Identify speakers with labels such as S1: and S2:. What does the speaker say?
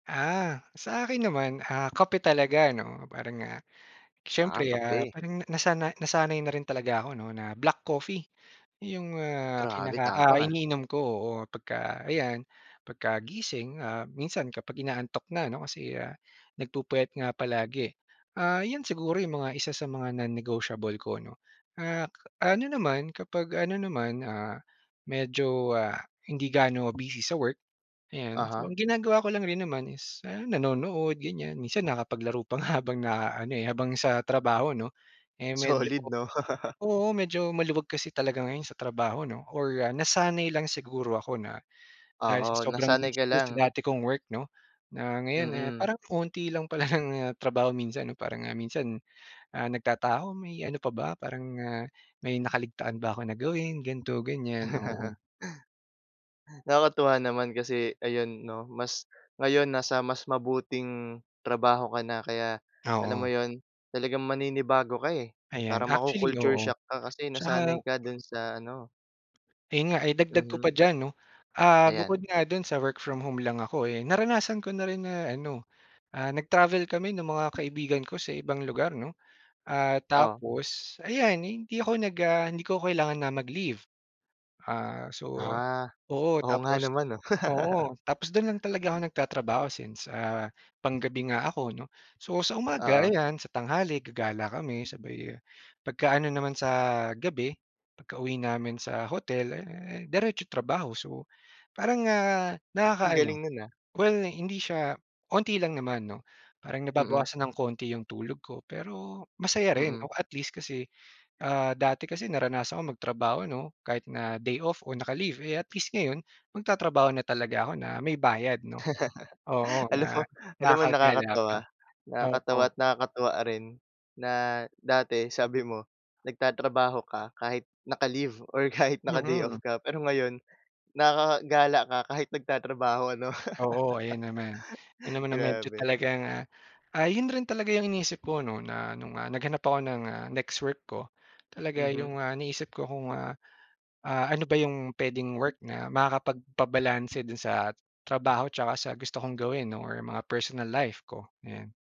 S1: Ah, sa akin naman, ah, kape talaga, ano. Parang, ah,
S2: Ah,
S1: siyempre, ah,
S2: kape.
S1: parang na nasana nasanay na rin talaga ako, ano, na black coffee, 'yong, ah,
S2: Grabe
S1: kinaka ah,
S2: tapang, ah.
S1: iniinom ko or 'pagka, ayan, 'pagkagising, ah, minsan kapag inaantok na, ano, kasi, ah, nagpupuyat nga palagi. Ah, 'yon siguro 'yong mga isa sa mga non-negotiable ko, 'no. Ah, ka ano naman, kapag ano naman, ah, medyo, ah, hindi gaano busy sa work, ayan. So
S2: Uh-huh.
S1: ang ginagawa ko lang rin naman is, ah, nanonood, ganiyan. Minsan nakakapaglaro pa nga habang na-aano, eh, habang sa trabaho, 'no. Eh, medyo
S2: Solid, 'no?
S1: oo, medyo maluwag kasi talaga ngayon sa trabaho 'no, or, ah, nasanay lang siguro ako na dahil sa
S2: Oo,
S1: sobrang
S2: nasanay
S1: busy
S2: ka
S1: ko sa
S2: lang.
S1: dati kong work, 'no, na ngayon, eh,
S2: Mm.
S1: parang konti lang pala ng trabaho minsan, 'no. Parang nga minsan, ah, nagtataka ako may ano pa ba, parang, ah, may nakaligtaan ba ako na gawin, ganto, ganiyan, oo.
S2: Nakakatuwa naman kasi, ayun, 'no, mas ngayon nasa mas mabuting trabaho ka na. Kaya, alam mo
S1: Oo.
S2: 'yon, talagang maninibago ka, eh.
S1: Ayan,
S2: Parang
S1: actually,
S2: maku-culture
S1: oo.
S2: shock ka kasi
S1: 'Tsaka
S2: nasanay ka do'n sa ano
S1: ayun nga ay dagdag ko
S2: Mhm.
S1: pa diyan, 'no. Ah, bukod
S2: Ayan.
S1: nga do'n sa work from home lang ako, eh, naranasan ko na rin na, ano, ah, nag-travel kami no'ng mga kaibigan ko sa ibang lugar, 'no. Ah,
S2: Oh.
S1: tapos ayan, hindi ako nag ah, hindi ko kailangan na mag-leave. Ah, so
S2: Ah,
S1: oo,
S2: oo nga
S1: tapos
S2: naman, 'no.
S1: oo, tapos do'n lang talaga ako nagtatrabaho since, ah, panggabi nga ako, 'no. So sa umaga,
S2: Oo.
S1: ayan, sa tanghali gagala kami. Sabay pagka-ano naman sa gabi pagkauwi namin sa hotel, eh, diretso trabaho. So parang, ah,
S2: Ang
S1: nakaka-ano
S2: galing no'n, ah.
S1: well, hindi siya konti lang naman, 'no. Parang
S2: Mm.
S1: nababawasan ng konti 'yong tulog ko pero masaya rin,
S2: Mm.
S1: 'no. At least kasi, ah, dati kasi naranasan ko magtrabaho, 'no, kahit na day off o naka-leave, eh, at least ngayon magtatrabaho na talaga ako na may bayad, 'no. Oo
S2: Alam mo
S1: na
S2: alam mo
S1: nakakagala
S2: nakakatuwa.
S1: pa.
S2: Nakakatawa
S1: Oo.
S2: at nakakatuwa rin na dati sabi mo nagtatrabaho ka kahit naka-leave or kahit naka day-off
S1: Mm.
S2: ka. Pero ngayon nakakagala ka kahit nagtatrabaho, ano?
S1: Oo, ayun naman. 'Yon naman ang medyo
S2: Grabe.
S1: talagang, ah, ah, 'yon rin talaga 'yong iniisip ko, 'no, na no'ng, ah, naghanap ako ng, ah, next work ko, talaga
S2: Mhm.
S1: 'yong, ah, iniisip ko kung, ah, ah, ano ba 'yong puwedeng work na makakapagpabalanse do'n sa trabaho 'tsaka sa gusto kong gawin or mga personal life ko, ayun.